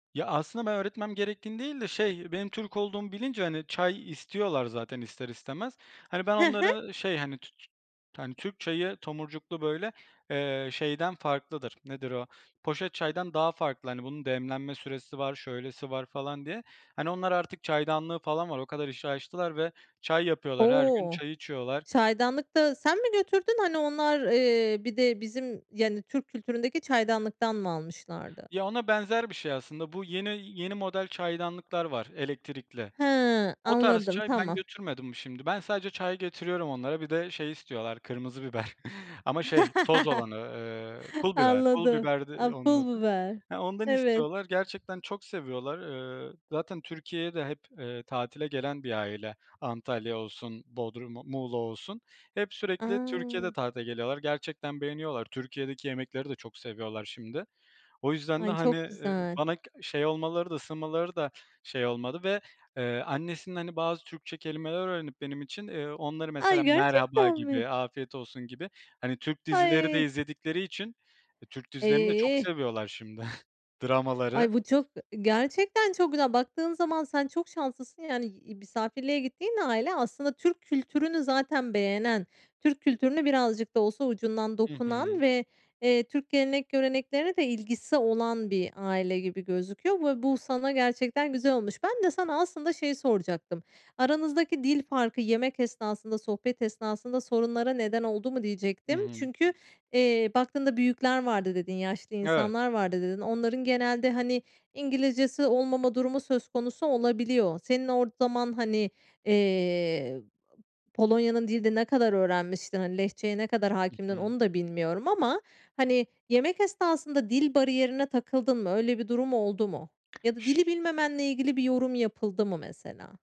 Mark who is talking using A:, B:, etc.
A: Ya, aslında ben öğretmem gerektiğini değil de şey benim Türk olduğumu bilince, hani, çay istiyorlar zaten ister istemez. Hani, ben
B: Hı hı.
A: onları şey, hani, tü tü hani, Türk çayı tomurcuklu, böyle, eee, şeyden farklıdır. Nedir o? Poşet çaydan daha farklı. Hani, bunun demlenme süresi var, şöylesi var falan diye. Hani, onlar artık çaydanlığı falan var. O kadar işi aştılar ve çay yapıyorlar. Her gün
B: O!
A: çay içiyorlar.
B: Çaydanlık da sen mi götürdün? Hani, onlar, eee, bir de bizim, yani, Türk kültüründeki çaydanlıktan mı almışlardı?
A: Ya, ona benzer bir şey aslında. Bu yeni yeni model çaydanlıklar var elektrikli.
B: Hıı,
A: O tarz
B: anladım,
A: çay ben
B: tamam.
A: götürmedim şimdi. Ben sadece çay getiriyorum onlara; bir de şey istiyorlar kırmızı biber ama şey toz olanı, eee, pul biber. Pul
B: Anladım,
A: biberdi
B: a
A: onun
B: pul
A: adı.
B: biber.
A: Eee, ondan
B: Evet.
A: istiyorlar. Gerçekten çok seviyorlar, eee, zaten Türkiye'ye de hep, eee, tatile gelen bir aile. Antalya olsun, Bodrum Muğla olsun. Hep sürekli Türkiye'de
B: A!
A: tatile geliyorlar gerçekten beğeniyorlar. Türkiye'deki yemekleri de çok seviyorlar şimdi o yüzden de,
B: Ay,
A: hani,
B: çok
A: eee,
B: güzel.
A: bana k şey olmaları da ısınmaları da şey olmadı ve, eee, annesinin, hani, bazı Türkçe kelimeler öğrenip benim için, eee, onları
B: Ay,
A: mesela "merhaba"
B: gerçekten mi?
A: gibi "afiyet olsun" gibi, hani, Türk dizileri de
B: Ay!
A: izledikleri için Türk dizilerini de çok
B: Eh.
A: seviyorlar şimdi. Dramaları
B: Ay, bu çok ı gerçekten çok güzel. Baktığın zaman sen çok şanslısın, yani, iii, misafirliğe gittiğin aile aslında Türk kültürünü zaten beğenen, Türk kültürüne birazcık da olsa ucundan
A: Hı hı.
B: dokunan ve, eee, Türk gelenek göreneklerine de ilgisi olan bir aile gibi gözüküyor ve bu sana gerçekten güzel olmuş. Ben de sana aslında şeyi soracaktım. Aranızdaki dil farkı yemek esnasında, sohbet esnasında sorunlara neden oldu mu
A: I
B: diyecektim?
A: hı.
B: Çünkü, eee, baktığında büyükler vardı dedin, yaşlı
A: Evet.
B: insanlar vardı dedin. Onların genelde, hani, İngilizcesi olmama durumu söz konusu olabiliyor. Senin o zaman, hani, eee, Polonya'nın dilini ne kadar öğrenmiştin? Hani, Lehçeye ne kadar
A: I
B: hakimdin
A: hı.
B: onu da bilmiyorum ama, hani, yemek esnasında dil bariyerine takıldın mı? Öyle bir durum oldu mu? Ya da dili bilmemenle ilgili bir yorum yapıldı mı, mesela?